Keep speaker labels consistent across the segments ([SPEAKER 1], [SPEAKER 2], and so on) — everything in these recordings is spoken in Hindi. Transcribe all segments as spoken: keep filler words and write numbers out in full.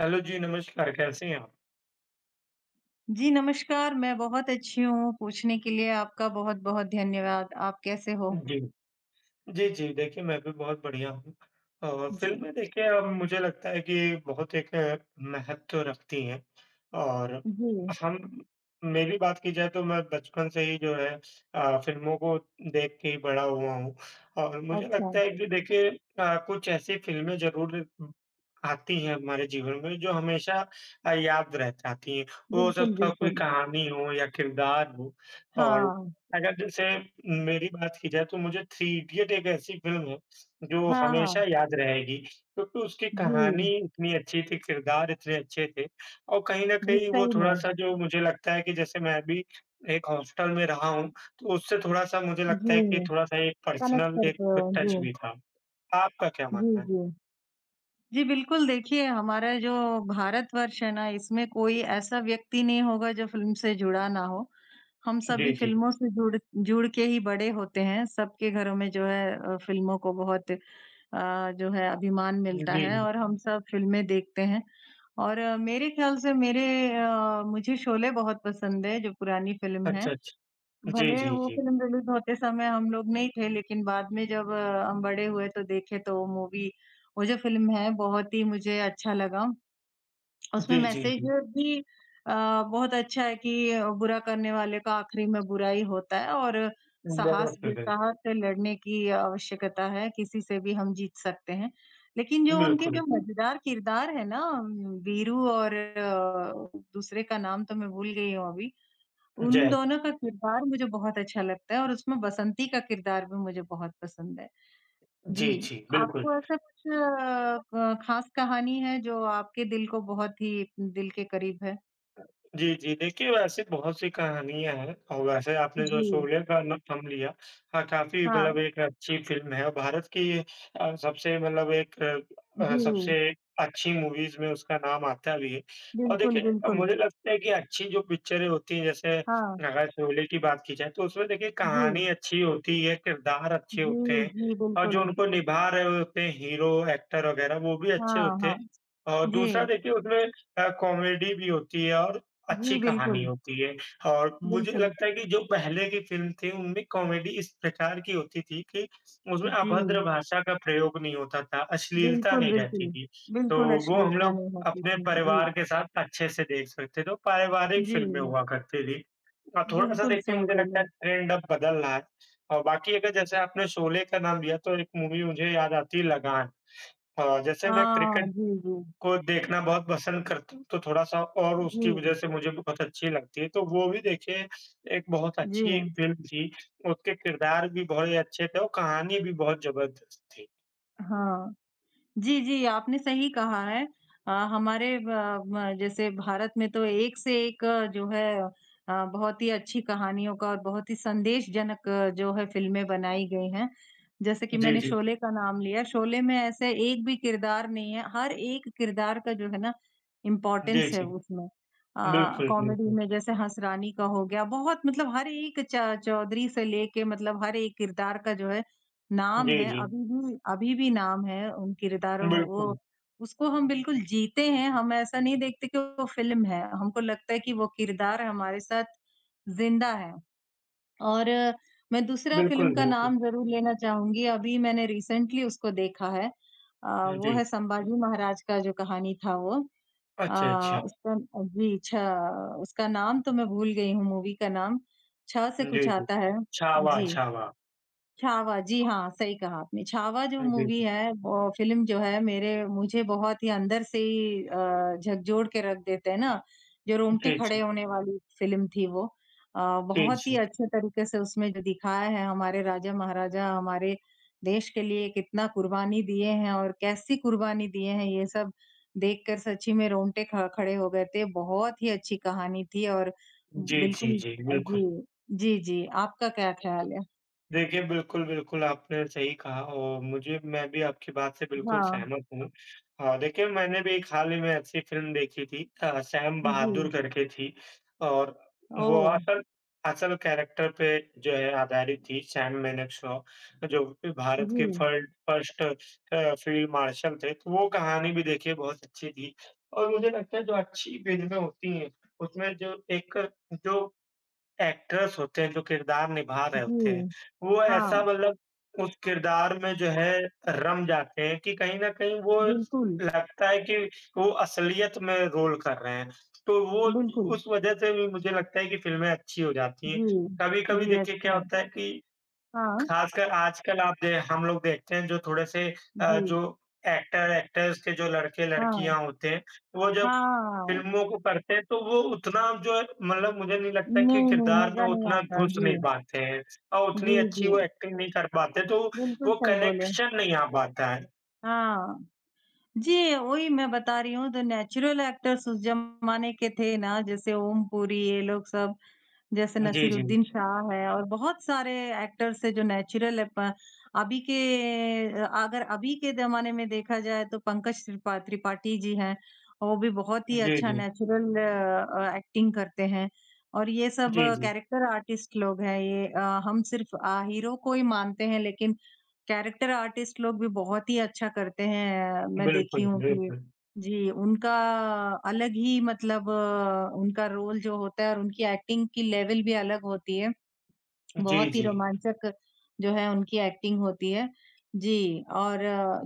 [SPEAKER 1] हैलो जी, नमस्कार, कैसी हैं आप?
[SPEAKER 2] जी नमस्कार, मैं बहुत अच्छी हूँ, पूछने के लिए आपका बहुत-बहुत धन्यवाद। आप कैसे हो?
[SPEAKER 1] जी। जी, जी, देखिए मैं भी बहुत बढ़िया हूँ। अ,
[SPEAKER 2] जी।
[SPEAKER 1] फ़िल्में देखिए अम, मुझे लगता है कि बहुत एक महत्व रखती हैं और
[SPEAKER 2] जी।
[SPEAKER 1] हम मेरी बात की जाए तो मैं बचपन से ही जो है अ, फ़िल्मों को देख के ही बड़ा हुआ हूँ और मुझे
[SPEAKER 2] अच्छा।
[SPEAKER 1] लगता है कि देखिए अ, कुछ ऐसी फ़िल्में ज़रूर उम, आती हैं हमारे जीवन में जो हमेशा अ, याद रह जाती हैं। वो हो
[SPEAKER 2] बिल्कुल,
[SPEAKER 1] सकता है कोई
[SPEAKER 2] बिल्कुल।
[SPEAKER 1] कहानी हो या किरदार हो और
[SPEAKER 2] हाँ।
[SPEAKER 1] अगर जैसे मेरी बात की जाए, तो मुझे थ्री इडियट एक ऐसी फ़िल्म है, जो
[SPEAKER 2] हाँ,
[SPEAKER 1] हमेशा
[SPEAKER 2] हाँ।
[SPEAKER 1] याद रहेगी क्योंकि उसकी कहानी
[SPEAKER 2] जी।
[SPEAKER 1] इतनी अच्छी थी, किरदार इतने अच्छे थे। और कहीं न
[SPEAKER 2] जी,
[SPEAKER 1] कहीं वो
[SPEAKER 2] सही में।
[SPEAKER 1] थोड़ा-सा जो मुझे लगता है कि जैसे मैं भी एक हॉस्टल में रहा हूँ, तो उससे थोड़ा-सा मुझे लगता है कि
[SPEAKER 2] जी,
[SPEAKER 1] थोड़ा-सा एक
[SPEAKER 2] कनेक्ट
[SPEAKER 1] पर्सनल एक
[SPEAKER 2] करते
[SPEAKER 1] अ,
[SPEAKER 2] हो।
[SPEAKER 1] टच
[SPEAKER 2] जी।
[SPEAKER 1] भी था। आपका क्या
[SPEAKER 2] जी,
[SPEAKER 1] मानना है?
[SPEAKER 2] जी। जी, बिल्कुल देखिए, हमारा जो भारतवर्ष है ना, इसमें कोई ऐसा व्यक्ति नहीं होगा जो फ़िल्म से जुड़ा ना हो, हम
[SPEAKER 1] श
[SPEAKER 2] सभी
[SPEAKER 1] जी, जी।
[SPEAKER 2] फ़िल्मों से जुड़ जुड़ के ही बड़े होते हैं, सबके घरों में जो है अ, फ़िल्मों को बहुत अ, जो है अभिमान मिलता है
[SPEAKER 1] जी।
[SPEAKER 2] और हम सब फ़िल्में देखते हैं और मेरे ख्याल से मेरे अ, मुझे शोले बहुत पसंद है जो पुरानी फ़िल्म है।
[SPEAKER 1] अच्छा, अच्छा। जी,
[SPEAKER 2] भले
[SPEAKER 1] जी,
[SPEAKER 2] वो
[SPEAKER 1] जी।
[SPEAKER 2] फ़िल्म रिलीज़ होते समय हम लोग नहीं थे लेकिन बाद में जब हम बड़े हुए, तो देखे तो वो मूवी वो जो फ़िल्म है, बहुत ही मुझे अच्छा लगा। उसमें
[SPEAKER 1] जी, जी,
[SPEAKER 2] मैसेज
[SPEAKER 1] जी।
[SPEAKER 2] भी अ, बहुत अच्छा है कि बुरा करने वाले का आखिरी में बुरा ही होता है और साहस जुटा
[SPEAKER 1] [unintelligible]
[SPEAKER 2] ह के लड़ने की आवश्यकता है, किसी से भी हम जीत सकते हैं। लेकिन जो उनके जो
[SPEAKER 1] बिल्कुल।
[SPEAKER 2] मज़ेदार किरदार हैं ना उम, वीरू और अ, दूसरे का नाम तो मैं भूल गई हूँ अभी, उन
[SPEAKER 1] जय।
[SPEAKER 2] दोनों का किरदार मुझे बहुत अच्छा लगता है और उसमें बसंती का किरदार भी मुझे बहुत पसंद है।
[SPEAKER 1] जी,
[SPEAKER 2] जी,
[SPEAKER 1] जी, बिल्कुल।
[SPEAKER 2] आपको ऐसा कुछ अ, ब खास कहानी है, जो आपके दिल को बहुत ही दिल के करीब है?
[SPEAKER 1] जी, जी। देखिए वैसे बहुत-सी कहानियाँ हैं और वैसे आपने जो
[SPEAKER 2] जी।
[SPEAKER 1] सोवियर का ना नाम लिया, हाँ, काफ़ी
[SPEAKER 2] हाँ।
[SPEAKER 1] मतलब एक अच्छी फ़िल्म है और भारत की अ, सबसे मतलब एक अ, सबसे
[SPEAKER 2] जी।
[SPEAKER 1] अच्छी मूवीज़ में उसका नाम आता है भी है और
[SPEAKER 2] बिल्कुल,
[SPEAKER 1] देखिए अ,
[SPEAKER 2] बिल्कुल।
[SPEAKER 1] मुझे लगता है कि अच्छी जो पिक्चरें होती हैं, जैसे
[SPEAKER 2] हाँ।
[SPEAKER 1] अगर शोले की बात की जाए तो उसमें देखिए कहानी
[SPEAKER 2] जी।
[SPEAKER 1] अच्छी होती ही है, किरदार अच्छे होते
[SPEAKER 2] जी,
[SPEAKER 1] हैं
[SPEAKER 2] जी,
[SPEAKER 1] और जो
[SPEAKER 2] बिल्कुल।
[SPEAKER 1] उनको निभा रहे होते हैं, हीरो, एक्टर वग़ैरह वो भी अच्छे
[SPEAKER 2] हाँ,
[SPEAKER 1] होते हैं
[SPEAKER 2] हाँ।
[SPEAKER 1] और दूसरा
[SPEAKER 2] जी।
[SPEAKER 1] देखिए उसमें अ, कॉमेडी भी होती है और अच्छी
[SPEAKER 2] जी,
[SPEAKER 1] कहानी
[SPEAKER 2] बिल्कुल।
[SPEAKER 1] होती है और मुझे
[SPEAKER 2] बिल्कुल।
[SPEAKER 1] लगता है कि जो पहले की फ़िल्म थी उनमें कॉमेडी इस प्रकार की होती थी कि उसमें अभद्र
[SPEAKER 2] जी।
[SPEAKER 1] भाषा का प्रयोग नहीं होता था, अश्लीलता
[SPEAKER 2] बिल्कुल,
[SPEAKER 1] नहीं रहती
[SPEAKER 2] बिल्कुल।
[SPEAKER 1] थी। तो
[SPEAKER 2] बिल्कुल,
[SPEAKER 1] वो हम
[SPEAKER 2] अश्लीलता
[SPEAKER 1] लोग
[SPEAKER 2] नहीं होती
[SPEAKER 1] अपने
[SPEAKER 2] थी। जी।
[SPEAKER 1] परिवार के साथ अच्छे से देख सकते थे, वो पारिवारिक फ़िल्में
[SPEAKER 2] जी।
[SPEAKER 1] हुआ करती थी। अ, थोड़ा-सा
[SPEAKER 2] बिल्कुल,
[SPEAKER 1] देखिए
[SPEAKER 2] सही
[SPEAKER 1] मुझे
[SPEAKER 2] बोले
[SPEAKER 1] लगता है
[SPEAKER 2] हैं।
[SPEAKER 1] ट्रेंड अब बदल रहा है और बाकी अगर जैसे आपने शोले का नाम दिया, तो एक मूवी मुझे याद आती है लगान अ, जैसे मैं
[SPEAKER 2] हाँ,
[SPEAKER 1] क्रिकेट
[SPEAKER 2] जी, जी।
[SPEAKER 1] को देखना बहुत पसंद करता हूँ, तो थोड़ा-सा और उसकी
[SPEAKER 2] जी।
[SPEAKER 1] वज़ह से मुझे बहुत अच्छी लगती है। तो वो भी देखिए एक बहुत
[SPEAKER 2] जी
[SPEAKER 1] अच्छी
[SPEAKER 2] हाँ।
[SPEAKER 1] फ़िल्म थी, उसके किरदार भी बहुत ही अच्छे थे और कहानी भी बहुत ज़बरदस्त थी।
[SPEAKER 2] हाँ। जी, जी, आपने सही कहा है। अ, हमारे ब म जैसे भारत में तो एक से एक जो है अ, बहुत ही अच्छी कहानियों का और बहुत ही संदेशजनक जो है फ़िल्में बनाई गई हैं। जैसे कि
[SPEAKER 1] जी,
[SPEAKER 2] मैंने
[SPEAKER 1] जी।
[SPEAKER 2] शोले का नाम लिया, शोले में ऐसा एक भी किरदार नहीं है हर एक किरदार का जो है ना,
[SPEAKER 1] जी,
[SPEAKER 2] इम्पोर्टेंस है
[SPEAKER 1] जी।
[SPEAKER 2] उसमें। अ अ,
[SPEAKER 1] बिल्कुल,
[SPEAKER 2] कॉमेडी
[SPEAKER 1] बिल्कुल।
[SPEAKER 2] में जैसे हंसरानी का हो गया, बहुत मतलब हर एक, च चौधरी से लेके मतलब हर एक किरदार का जो है नाम
[SPEAKER 1] जी,
[SPEAKER 2] है,
[SPEAKER 1] जी।
[SPEAKER 2] अभी भी, अभी भी नाम है उन किरदारों वो
[SPEAKER 1] बिल्कुल।
[SPEAKER 2] उसको हम बिल्कुल जीते हैं, हम ऐसा नहीं देखते कि वो फ़िल्म है, हमको लगता है कि वो किरदार हमारे साथ ज़िंदा है। और मैं दूसरा फ़िल्म
[SPEAKER 1] बिल्कुल,
[SPEAKER 2] का
[SPEAKER 1] बिल्कुल।
[SPEAKER 2] नाम ज़रूर लेना चाहूँगी, अभी मैंने रिसेंटली उसको देखा है। अ,
[SPEAKER 1] हुँ,
[SPEAKER 2] वो
[SPEAKER 1] जी।
[SPEAKER 2] है संभाजी महाराज का जो कहानी था, वो।
[SPEAKER 1] अच्छा, अच्छा।
[SPEAKER 2] अ, उसका अ, जी, छ उसका नाम तो मैं भूल गई हूँ, मूवी का नाम, छ से कुछ
[SPEAKER 1] जी, जी।
[SPEAKER 2] आता है,
[SPEAKER 1] छावा,
[SPEAKER 2] जी।
[SPEAKER 1] छावा।
[SPEAKER 2] छावा, जी हाँ, सही कहा आपने। छावा जो
[SPEAKER 1] हाँ जी।
[SPEAKER 2] मूवी है ब फ़िल्म जो है मेरे मुझे बहुत ही अंदर से ही अ, झकझोर के रख देते हैं ना, जो रोंगटे
[SPEAKER 1] जी,
[SPEAKER 2] खड़े
[SPEAKER 1] जी।
[SPEAKER 2] होने वाली फ़िल्म थी वो। अ,
[SPEAKER 1] जी,
[SPEAKER 2] बहुत ही
[SPEAKER 1] जी।
[SPEAKER 2] अच्छे तरीके से उसमें जो दिखाया है हमारे राजा-महाराजा हमारे देश के लिए कितना कुर्बानी दिए हैं और कैसी कुर्बानी दिए हैं, ये सब देखकर सच्ची में रोंगटे ख खड़े हो गए थे। बहुत ही अच्छी कहानी थी और
[SPEAKER 1] जी, जी,
[SPEAKER 2] बिल्कुल
[SPEAKER 1] जी,
[SPEAKER 2] अ,
[SPEAKER 1] बिल्कुल।
[SPEAKER 2] जी, जी, जी। आपका क्या ख्याल है?
[SPEAKER 1] देखिए, बिल्कुल, बिल्कुल, आपने सही कहा और मुझे मैं भी आपकी बात से बिल्कुल
[SPEAKER 2] हाँ।
[SPEAKER 1] सहमत हूँ। अ, देखिए, मैंने भी एक हाल ही में ऐसी फ़िल्म देखी थी अ, सैम बहादुर
[SPEAKER 2] जी।
[SPEAKER 1] करके थी और वो
[SPEAKER 2] ओह!
[SPEAKER 1] असल असल कैरेक्टर पे जो है आधारित थी, सैम मानेकशॉ, जो कि भारत के
[SPEAKER 2] जी।
[SPEAKER 1] फ़र्ड फ़र्स्ट अ, फ़ील्ड मार्शल थे, तो वो कहानी भी देखिए बहुत अच्छी थी। और मुझे लगता है, जो अच्छी फ़िल्में होती हैं, उसमें जो एक जो एक्टर्स होते हैं, जो किरदार निभा रहे होते हैं,
[SPEAKER 2] जी।
[SPEAKER 1] वो ऐसा
[SPEAKER 2] हाँ।
[SPEAKER 1] मतलब उस किरदार में जो है रम जाते हैं कि कहीं न कहीं वो
[SPEAKER 2] बिल्कुल।
[SPEAKER 1] लगता है कि वो असलियत में रोल कर रहे हैं। तो वो
[SPEAKER 2] बिल्कुल।
[SPEAKER 1] उस वजह से भी मुझे लगता है कि फ़िल्में अच्छी हो जाती हैं।
[SPEAKER 2] जी।
[SPEAKER 1] कभी-कभी
[SPEAKER 2] जी,
[SPEAKER 1] देखिए, क्या
[SPEAKER 2] अच्छा।
[SPEAKER 1] होता है कि
[SPEAKER 2] हाँ।
[SPEAKER 1] खासकर आजकल आप दे हम लोग देखते हैं, जो थोड़े-से अ,
[SPEAKER 2] जी।
[SPEAKER 1] जो एक्टर-एक्टर्स के जो
[SPEAKER 2] हाँ।
[SPEAKER 1] लड़के-लड़कियाँ होते हैं, वो
[SPEAKER 2] हाँ,
[SPEAKER 1] जब
[SPEAKER 2] हाँ, हाँ।
[SPEAKER 1] फ़िल्मों को पढ़ते हैं, तो वो उतना जो मतलब मुझे नहीं लगता कि
[SPEAKER 2] नहीं, नहीं,
[SPEAKER 1] किरदार में
[SPEAKER 2] मज़ा नहीं
[SPEAKER 1] उतना
[SPEAKER 2] आता,
[SPEAKER 1] घुस नहीं
[SPEAKER 2] जी।
[SPEAKER 1] पाते हैं और
[SPEAKER 2] जी,
[SPEAKER 1] उतनी अच्छी वो
[SPEAKER 2] जी।
[SPEAKER 1] एक्टिंग नहीं कर पाते, तो
[SPEAKER 2] बिल्कुल
[SPEAKER 1] वो
[SPEAKER 2] सही बोले।
[SPEAKER 1] कनेक्शन नहीं आ पाता है।
[SPEAKER 2] हाँ, जी वही मैं बता रही हूँ तो नेचुरल एक्टर्स उस जमाने के थे ना जैसे ओम पूरी ये लोग सब, जैसे
[SPEAKER 1] अ, जी, जी।
[SPEAKER 2] नसीरुद्दीन शाह है और बहुत सारे एक्टर्स हैं जो नेचुरल अप अभी के अ, अगर अभी के ज़माने में देखा जाए तो पंकज त्रिपा त्रिपाठी जी हैं, वो भी बहुत ही
[SPEAKER 1] जी,
[SPEAKER 2] अच्छा
[SPEAKER 1] जी।
[SPEAKER 2] नेचुरल एक्टिंग करते हैं और ये सब
[SPEAKER 1] जी, जी।
[SPEAKER 2] कैरेक्टर आर्टिस्ट लोग हैं। ये अ, हम सिर्फ अ, हीरो को ही मानते हैं लेकिन कैरेक्टर आर्टिस्ट लोग भी बहुत ही अच्छा करते हैं। मैं देखी
[SPEAKER 1] बिल्कुल,
[SPEAKER 2] हूँ कि
[SPEAKER 1] बिल्कुल।
[SPEAKER 2] जी उनका अलग ही मतलब उनका रोल जो होता है और उनकी एक्टिंग की लेवल भी अलग होती है।
[SPEAKER 1] जी,
[SPEAKER 2] बहुत ही
[SPEAKER 1] जी।
[SPEAKER 2] रोमांचक जो है उनकी एक्टिंग होती है जी, और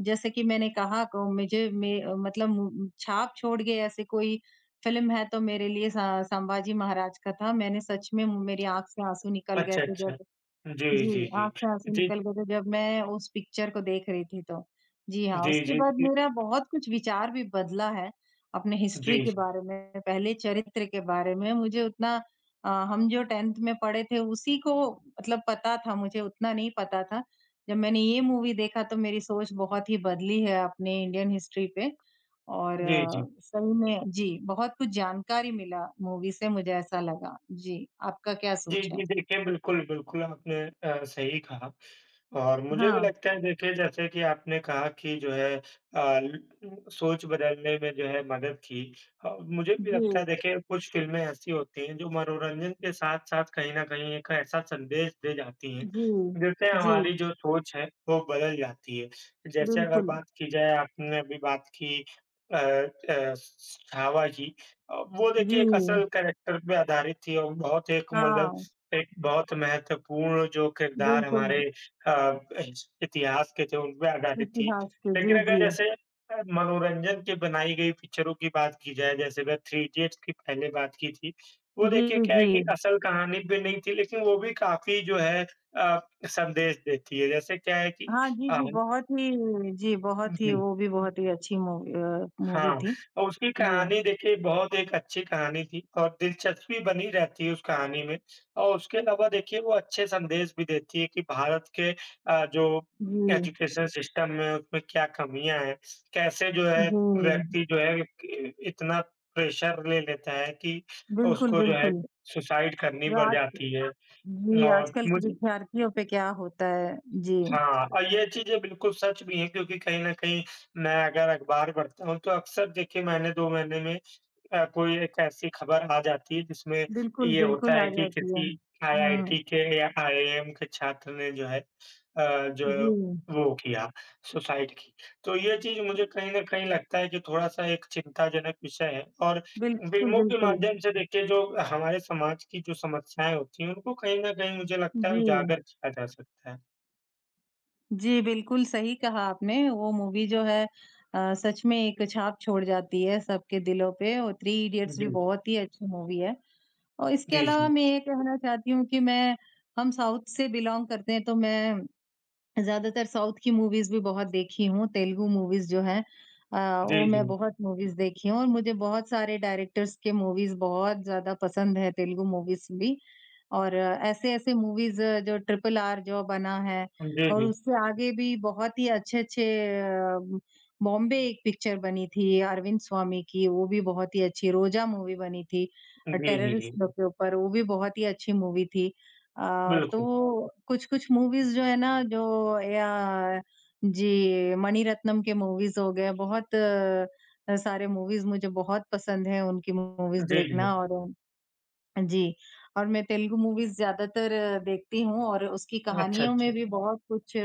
[SPEAKER 2] जैसे कि मैंने कहा को मुझे में मतलब मु छाप छोड़ गए ऐसे कोई फ़िल्म है तो मेरे लिए स संभाजी महाराज का था। मैंने सच में मु मेरी आँख से आँसू निकल गए
[SPEAKER 1] अच्छा,
[SPEAKER 2] थे
[SPEAKER 1] अच्छा,
[SPEAKER 2] जब
[SPEAKER 1] जी,
[SPEAKER 2] जी
[SPEAKER 1] जी, जी,
[SPEAKER 2] आँख से आँसू
[SPEAKER 1] जी।
[SPEAKER 2] निकल गये थे जब मैं उस पिक्चर को देख रही थी तो, जी हाँ,
[SPEAKER 1] जी,
[SPEAKER 2] उसके
[SPEAKER 1] जी,
[SPEAKER 2] बाद
[SPEAKER 1] जी।
[SPEAKER 2] मेरा बहुत कुछ विचार भी बदला है। अपने हिस्ट्री के
[SPEAKER 1] जी।
[SPEAKER 2] बारे में पहले चरित्र के बारे में मुझे उतना अ, हम जो टेंथ में पढ़े थे उसी को मतलब पता था मुझे उतना नहीं पता था। जब मैंने ये मूवी देखा तो मेरी सोच बहुत ही बदली है अपनी इंडियन हिस्ट्री पे, और
[SPEAKER 1] जी, जी।
[SPEAKER 2] सही में जी बहुत कुछ जानकारी मिला मूवी से मुझे ऐसा लगा। जी आपका क्या
[SPEAKER 1] जी,
[SPEAKER 2] सोच है?
[SPEAKER 1] जी, देखिए बिल्कुल, बिल्कुल आपने अ, सही कहा, और मुझे भी
[SPEAKER 2] हाँ।
[SPEAKER 1] लगता है देखिए जैसे कि आपने कहा कि जो है अ, ल सोच बदलने में जो है मदद की और मुझे भी लगता है
[SPEAKER 2] जी।
[SPEAKER 1] देखिए, कुछ फ़िल्में ऐसी होती हैं जो मनोरंजन के साथ-साथ कहीं न कहीं एक ऐसा संदेश दे जाती हैं
[SPEAKER 2] जी,
[SPEAKER 1] जिससे हमारी
[SPEAKER 2] जी।
[SPEAKER 1] जो सोच है, वो बदल जाती है, जैसे अगर
[SPEAKER 2] बिल्कुल।
[SPEAKER 1] बात की जाए आपने अभी बात की अ अ, स छावा की अ, वो देखिए एक
[SPEAKER 2] व्यू।
[SPEAKER 1] असल कैरेक्टर पे आधारित थी और बहुत एक मतलब
[SPEAKER 2] हाँ।
[SPEAKER 1] एक बहुत महत्वपूर्ण जो किरदार हमारे
[SPEAKER 2] बिल्कुल।
[SPEAKER 1] अ, इत इतिहास के थे उन पे आधारित थी,
[SPEAKER 2] इतिहास के
[SPEAKER 1] लेकिन
[SPEAKER 2] जी,
[SPEAKER 1] अगर
[SPEAKER 2] जी।
[SPEAKER 1] जैसे अ, मनोरंजन के बनाई गई पिक्चरों की बात की जाए जैसे वह थ्री इडियट्स की पहले बात की थी। वो देखिए
[SPEAKER 2] जी,
[SPEAKER 1] क्या है कि
[SPEAKER 2] जी।
[SPEAKER 1] असल कहानी भी नहीं थी लेकिन वो भी काफ़ी जो है अ, संदेश देती है। जैसे क्या है कि
[SPEAKER 2] हाँ, जी,
[SPEAKER 1] अ
[SPEAKER 2] जी, बहुत ही जी
[SPEAKER 1] हुँ,
[SPEAKER 2] बहुत ही
[SPEAKER 1] हुँ।
[SPEAKER 2] वो भी बहुत ही अच्छी मूवी अ,
[SPEAKER 1] हाँ,
[SPEAKER 2] मूवी थी,
[SPEAKER 1] और उसकी
[SPEAKER 2] वो।
[SPEAKER 1] कहानी देखिए बहुत एक अच्छी कहानी थी और दिलचस्पी बनी रहती है, उस कहानी में, और उसके अलावा देखिए वो अच्छे संदेश भी देती है कि भारत के अ, जो
[SPEAKER 2] जी।
[SPEAKER 1] एजुकेशन सिस्टम में उसमें क्या कमियाँ हैं, कैसे जो है
[SPEAKER 2] जी।
[SPEAKER 1] व्यक्ति जो है कि इ इतना प्रेशर ले लेता है कि
[SPEAKER 2] बिल्कुल,
[SPEAKER 1] उसको जो है
[SPEAKER 2] बिल्कुल,
[SPEAKER 1] सुसाइड करनी
[SPEAKER 2] जो
[SPEAKER 1] पड़
[SPEAKER 2] आज
[SPEAKER 1] जाती है
[SPEAKER 2] जी
[SPEAKER 1] और
[SPEAKER 2] आजकल की
[SPEAKER 1] मुझे
[SPEAKER 2] विद्यार्थियों पे क्या होता है जी।
[SPEAKER 1] हाँ, और ये चीज़ें बिल्कुल सच भी हैं क्योंकि कहीं न कहीं मैं अगर अखबार पढ़ता हूँ, तो अक्सर देखिए मैंने दो महीने में अ, कोई एक ऐसी खबर आ जाती है जिसमें
[SPEAKER 2] बिल्कुल,
[SPEAKER 1] ये होता
[SPEAKER 2] बिल्कुल आ
[SPEAKER 1] है कि
[SPEAKER 2] जाती है,
[SPEAKER 1] किसी आईआईटी
[SPEAKER 2] हाँ।
[SPEAKER 1] के या आईएएम के छात्र ने जो है अ, जो
[SPEAKER 2] जी।
[SPEAKER 1] वो किया सुसाइड की, तो ये चीज़ मुझे कहीं न कहीं लगता है कि थोड़ा-सा एक चिंताजनक विषय है और
[SPEAKER 2] बिल्कुल,
[SPEAKER 1] फिल्मों के
[SPEAKER 2] बिल्कुल।
[SPEAKER 1] माध्यम से देखिए जो हमारे समाज की जो समस्याएँ होती हैं, उनको कहीं न कहीं मुझे लगता है
[SPEAKER 2] जी।
[SPEAKER 1] उजागर किया जा सकता है।
[SPEAKER 2] जी बिल्कुल, सही कहा आपने वो मूवी जो है अ, सच में एक छाप छोड़ जाती है सबके दिलों पे और थ्री
[SPEAKER 1] हाँ,
[SPEAKER 2] इडियट्स भी
[SPEAKER 1] जी।
[SPEAKER 2] बहुत ही अच्छी मूवी है। और इसके
[SPEAKER 1] जी,
[SPEAKER 2] अलावा
[SPEAKER 1] जी।
[SPEAKER 2] मैं ये कहना चाहती हूँ कि मैं, हम साउथ से बिलॉन्ग करते हैं तो मैं ज़्यादातर साउथ की मूवीज़ भी बहुत देखी हूँ, तेलुगु मूवीज़ जो हैं। अ, वो
[SPEAKER 1] जी,
[SPEAKER 2] मैं
[SPEAKER 1] जी।
[SPEAKER 2] बहुत मूवीज़ देखी हूँ और मुझे बहुत सारे डायरेक्टर्स के मूवीज़ बहुत ज़्यादा पसंद हैं, तेलुगु मूवीज़ भी और ऐसे-ऐसे मूवीज़ जो ट्रिपल आर जो बना है
[SPEAKER 1] जी,
[SPEAKER 2] और
[SPEAKER 1] जी।
[SPEAKER 2] उससे आगे भी बहुत ही अच्छे-अच्छे अ, बॉम्बे एक पिक्चर बनी थी, अरविंद स्वामी की वो भी बहुत ही अच्छी, रोज़ा मूवी बनी थी,
[SPEAKER 1] जी,
[SPEAKER 2] और
[SPEAKER 1] जी,
[SPEAKER 2] टेररिस्ट
[SPEAKER 1] जी।
[SPEAKER 2] लोग के ऊपर वो भी बहुत ही अच्छी मूवी थी। अ,
[SPEAKER 1] बिल्कुल।
[SPEAKER 2] तो कुछ-कुछ मूवीज़ जो है ना जो या जी, मनीरत्नम के मूवीज़ हो गए हैं। बहुत अ, सारे मूवीज़ मुझे बहुत पसंद हैं उनकी मूवीज़
[SPEAKER 1] जी,
[SPEAKER 2] देखना
[SPEAKER 1] जी।
[SPEAKER 2] और जी, और मैं तेलुगु मूवीज़ ज़्यादातर देखती हूँ और उसकी
[SPEAKER 1] अच्छा,
[SPEAKER 2] कहानियों में
[SPEAKER 1] अच्छा।
[SPEAKER 2] भी बहुत कुछ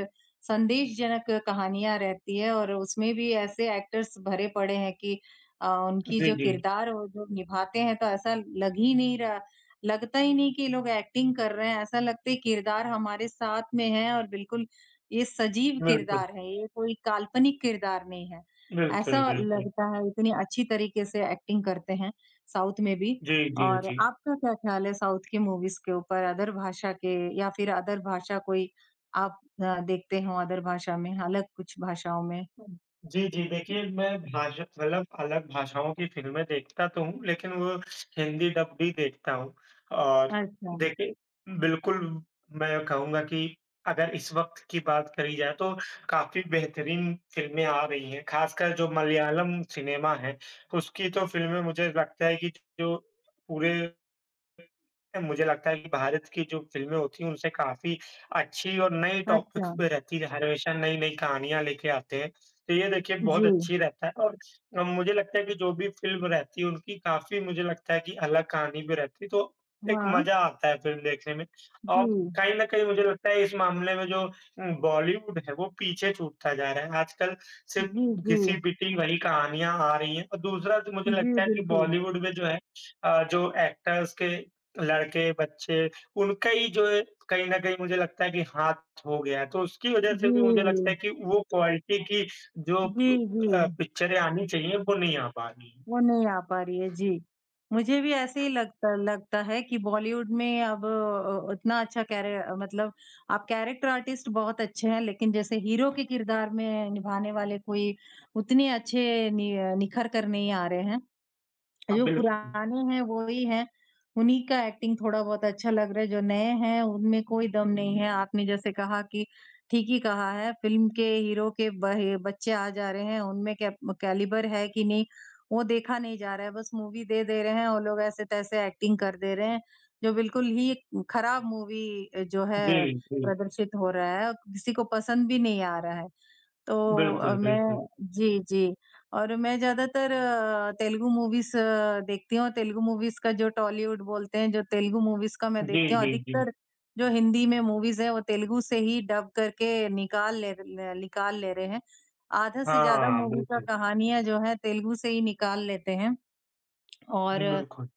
[SPEAKER 2] संदेशजनक कहानियाँ रहती हैं और उसमें भी ऐसे एक्टर्स भरे पड़े हैं कि अ ,उनकी
[SPEAKER 1] जी,
[SPEAKER 2] जो
[SPEAKER 1] जी।
[SPEAKER 2] किरदार वो जो निभाते हैं तो ऐसा लग ही नहीं रहा, लगता ही नहीं कि ये लोग एक्टिंग कर रहे हैं ऐसा लगता है कि किरदार हमारे साथ में है और बिल्कुल ये सजीव
[SPEAKER 1] बिल्कुल।
[SPEAKER 2] किरदार हैं, ये कोई काल्पनिक किरदार नहीं है।
[SPEAKER 1] बिल्कुल,
[SPEAKER 2] ऐसा
[SPEAKER 1] बिल्कुल।
[SPEAKER 2] लगता है इतनी अच्छी तरीके से एक्टिंग करते हैं साउथ में भी
[SPEAKER 1] जी, जी,
[SPEAKER 2] और
[SPEAKER 1] जी।
[SPEAKER 2] आपका क्या ख़्याल है साउथ की मूवीज़ के ऊपर, अदर भाषा के या फिर अदर भाषा कोई आप अ, देखते हो अदर भाषा में, अलग कुछ भाषाओं में?
[SPEAKER 1] हुँ, जी, जी, देखिए मैं भाषा मतलब अलग भाषाओं की फ़िल्में देखता तो हूँ, लेकिन वो हिंदी डब भी देखता हूँ। और,
[SPEAKER 2] अच्छा।
[SPEAKER 1] देखिए, बिल्कुल मैं कहूँगा कि अगर इस वक़्त की बात करी जाए तो काफ़ी बेहतरीन फ़िल्में आ रही हैं। ख़ासकर जो मलयालम सिनेमा है उसकी तो फ़िल्में मुझे लगता है कि, जो पूरे मुझे लगता है कि भारत की जो फ़िल्में होती हैं उनसे काफ़ी अच्छी और नई टॉपिक्स
[SPEAKER 2] अच्छा।
[SPEAKER 1] पे रहती हैं हर विषय में नई-नई कहानियाँ लेके आते हैं। तो ये देखिए बहुत
[SPEAKER 2] जी।
[SPEAKER 1] अच्छी रहता है और मुझे लगता है कि जो भी फ़िल्म रहती है, उनकी काफ़ी मुझे लगता है कि अलग कहानी भी रहती है तो, एक
[SPEAKER 2] हाँ।
[SPEAKER 1] मज़ा आता है फ़िल्म देखने में
[SPEAKER 2] जी।
[SPEAKER 1] और कहीं न कहीं मुझे लगता है इस मामले में जो बॉलीवुड है, वो पीछे छूटता जा रहा है, आजकल सिर्फ़
[SPEAKER 2] जी, जी।
[SPEAKER 1] घिसी-पिटी वही कहानियाँ आ रही हैं और दूसरा तो मुझे
[SPEAKER 2] जी,
[SPEAKER 1] लगता है कि
[SPEAKER 2] बिल्कुल।
[SPEAKER 1] बॉलीवुड में जो है, अ जो एक्टर्स के लड़के, बच्चे उनका ही जो है कहीं न कहीं मुझे लगता है कि हाथ हो गया है। तो उसकी वजह से भी मुझे लगता
[SPEAKER 2] जी।
[SPEAKER 1] है कि वो क्वालिटी की जो
[SPEAKER 2] जी,
[SPEAKER 1] अ,
[SPEAKER 2] जी।
[SPEAKER 1] पिक्चरें आनी चाहिए, वो नहीं आ पा रही है।
[SPEAKER 2] वो नहीं आ पा रही है, जी। मुझे भी ऐसे ही लगता लगता है कि बॉलीवुड में अब अ, अ उतना अच्छा कैरेट मतलब आप कैरेक्टर आर्टिस्ट बहुत अच्छे हैं लेकिन जैसे हीरो के किरदार में निभाने वाले कोई उतने अच्छे नि निखर कर नहीं आ रहे हैं।
[SPEAKER 1] हाँ,
[SPEAKER 2] जो
[SPEAKER 1] बिल्कुल।
[SPEAKER 2] पुराने हैं वही हैं, उन्हीं का एक्टिंग थोड़ा बहुत अच्छा लग रहा है, जो नए हैं उनमें कोई दम नहीं है, आपने जैसे कहा कि ठीक ही कहा है फ़िल्म के हीरो के बहे बच्चे आ जा रहे हैं उनमें केब कैलिबर है कि नहीं वो देखा नहीं जा रहा है बस मूवी दे, दे रहे हैं और लोग ऐसे-तैसे एक्टिंग कर दे रहे हैं। जो बिल्कुल ही ख़राब मूवी अ जो
[SPEAKER 1] जी,
[SPEAKER 2] है
[SPEAKER 1] जी।
[SPEAKER 2] प्रदर्शित हो रहा है और किसी को पसंद भी नहीं आ रहा है। तो अ,
[SPEAKER 1] बिल्कुल, बिल्कुल।
[SPEAKER 2] मैं जी, जी, और मैं ज़्यादातर अ, तेलुगु मूवीज़ अ, देखती हूँ तेलुगु मूवीज़ का जो टॉलीवुड बोलते हैं, जो तेलुगु मूवीज़ का मैं देखती
[SPEAKER 1] जी,
[SPEAKER 2] हूँ
[SPEAKER 1] जी, जी।
[SPEAKER 2] अधिकतर, जो हिंदी में मूवीज़ हैं वो तेलुगु से ही डब करके निकाल ले ले, निकाल ले रहे हैं। आधा से ज़्यादा
[SPEAKER 1] हाँ,
[SPEAKER 2] मूवी का
[SPEAKER 1] बिल्कुल।
[SPEAKER 2] कहानियाँ जो हैं तेलुगु से ही निकाल लेते हैं और
[SPEAKER 1] हुँ, बिल्कुल।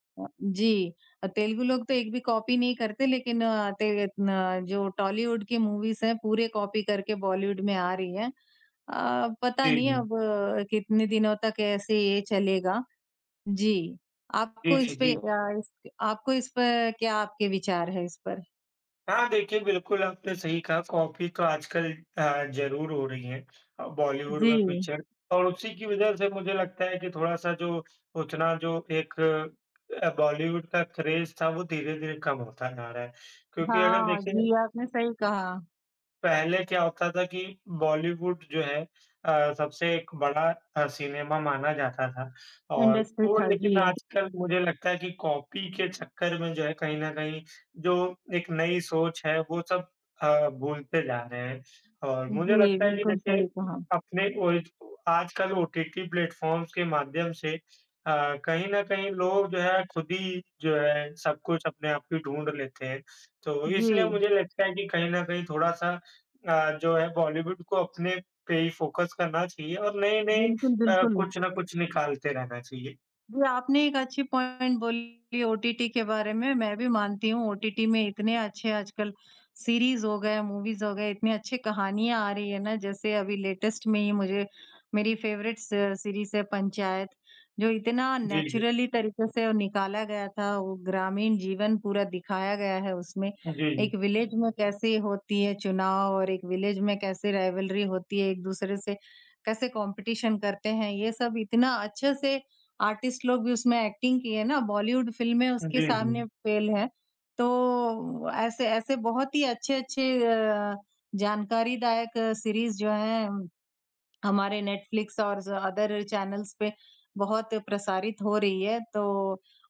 [SPEAKER 2] जी, तेलुगु लोग तो एक भी कॉपी नहीं करते लेकिन अ, तेल अ, जो टॉलीवुड की मूवीज़ हैं पूरे कॉपी करके बॉलीवुड में आ रही हैं। अ, पता
[SPEAKER 1] जी,
[SPEAKER 2] नहीं अब
[SPEAKER 1] जी।
[SPEAKER 2] कितने दिनों तक ऐसे ही ये चलेगा, जी,
[SPEAKER 1] जी,
[SPEAKER 2] आपको
[SPEAKER 1] जी,
[SPEAKER 2] इस पे
[SPEAKER 1] जी।
[SPEAKER 2] अ, इस पे, आपको इस पे क्या आपके विचार है, इस पर?
[SPEAKER 1] हाँ, देखिए, बिल्कुल आपने सही कहा। कॉपी तो आजकल अ, ज़रूर हो रही है अ, बॉलीवुड में
[SPEAKER 2] जी।
[SPEAKER 1] पिक्चर और उसी की वजह से मुझे लगता है कि थोड़ा-सा जो उतना जो एक अ, बॉलीवुड का क्रेज़ था, वो धीरे-धीरे कम होता जा रहा है। क्योंकि अगर
[SPEAKER 2] हाँ,
[SPEAKER 1] देखिए
[SPEAKER 2] जी, आपने सही कहा।
[SPEAKER 1] पहले क्या होता था कि बॉलीवुड जो है अ, सबसे एक बड़ा अ, सिनेमा माना जाता था और
[SPEAKER 2] इंडस्ट्री
[SPEAKER 1] वो
[SPEAKER 2] थक
[SPEAKER 1] लेकिन
[SPEAKER 2] गई है।
[SPEAKER 1] आजकल मुझे लगता है कि कॉपी के चक्कर में जो है कहीं न कहीं, जो एक नई सोच है, वो सब अ, भूलते जा रहे हैं और मुझे
[SPEAKER 2] जी,
[SPEAKER 1] लगता है कि
[SPEAKER 2] बिल्कुल
[SPEAKER 1] देखिए,
[SPEAKER 2] सही कहा।
[SPEAKER 1] अपने मूवीज़ को आजकल ओटीटी प्लेटफॉर्म्स के माध्यम से अ, कहीं न कहीं लोग जो है, खुद ही जो है, सब कुछ अपने आप ही ढूँढ लेते हैं। तो इसलिए
[SPEAKER 2] जी।
[SPEAKER 1] मुझे लगता है कि कहीं न कहीं थोड़ा-सा अ, जो है बॉलीवुड को अपने पे ही फ़ोकस करना चाहिए और नए-नए
[SPEAKER 2] बिल्कुल,
[SPEAKER 1] अ,
[SPEAKER 2] बिल्कुल।
[SPEAKER 1] कुछ ना कुछ निकालते रहना चाहिए।
[SPEAKER 2] जी, आपने एक अच्छी पॉइंट बोली ओटीटी के बारे में। मैं भी मानती हूँ, ओटीटी में इतने अच्छे आजकल सीरीज़ हो गए, मूवीज़ हो गए, इतनी अच्छी कहानियाँ आ रही हैं ना। जैसे अभी लेटेस्ट में ही मुझे मेरी फेवरेट स सीरीज़ है पंचायत, जो इतना
[SPEAKER 1] जी, जी।
[SPEAKER 2] नेचुरली तरीके से निकाला गया था वो। ग्रामीण जीवन पूरा दिखाया गया है उसमें।
[SPEAKER 1] अ, जी,
[SPEAKER 2] एक
[SPEAKER 1] जी।
[SPEAKER 2] विलेज में कैसे होती है चुनाव और एक विलेज में कैसे राइवलरी होती है एक-दूसरे से, कैसे कॉम्पिटिशन करते हैं, ये सब इतना अच्छे से आर्टिस्ट लोग भी उसमें एक्टिंग किए ना, बॉलीवुड फ़िल्में उसके
[SPEAKER 1] जी,
[SPEAKER 2] सामने
[SPEAKER 1] जी।
[SPEAKER 2] फ़ेल हैं। तो ऐसे-ऐसे बहुत ही अच्छे-अच्छे अ, जानकारी दायक सीरीज़ जो हैं, हमारे नेटफ्लिक्स और ज़ अदर चैनल्स पे बहुत प्रसारित हो रही है। तो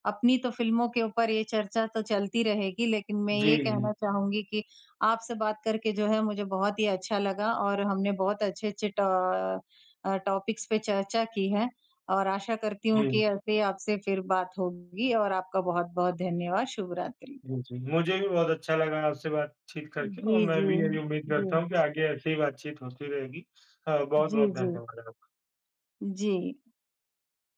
[SPEAKER 2] अपनी तो फ़िल्मों के ऊपर ये चर्चा तो चलती रहेगी, लेकिन मैं ये
[SPEAKER 1] जी।
[SPEAKER 2] कहना चाहूँगी कि आपसे बात करके जो है, मुझे बहुत ही अच्छा लगा और हमने बहुत अच्छे-अच्छे ट अ, टॉपिक्स पे चर्चा की है, और आशा करती हूँ कि
[SPEAKER 1] जी।
[SPEAKER 2] ऐसे ही आपसे फिर बात होगी और आपका बहुत-बहुत धन्यवाद। शुभ रात्रि।
[SPEAKER 1] जी, जी। मुझे भी बहुत अच्छा लगा आपसे बातचीत करके और
[SPEAKER 2] जी,
[SPEAKER 1] मैं भी यही उम्मीद
[SPEAKER 2] जी।
[SPEAKER 1] करता
[SPEAKER 2] जी।
[SPEAKER 1] हूँ कि आगे ऐसी ही बातचीत होती रहेगी। अ,
[SPEAKER 2] जी,
[SPEAKER 1] बहुत-बहुत
[SPEAKER 2] जी।
[SPEAKER 1] धन्यवाद आपका।
[SPEAKER 2] जी।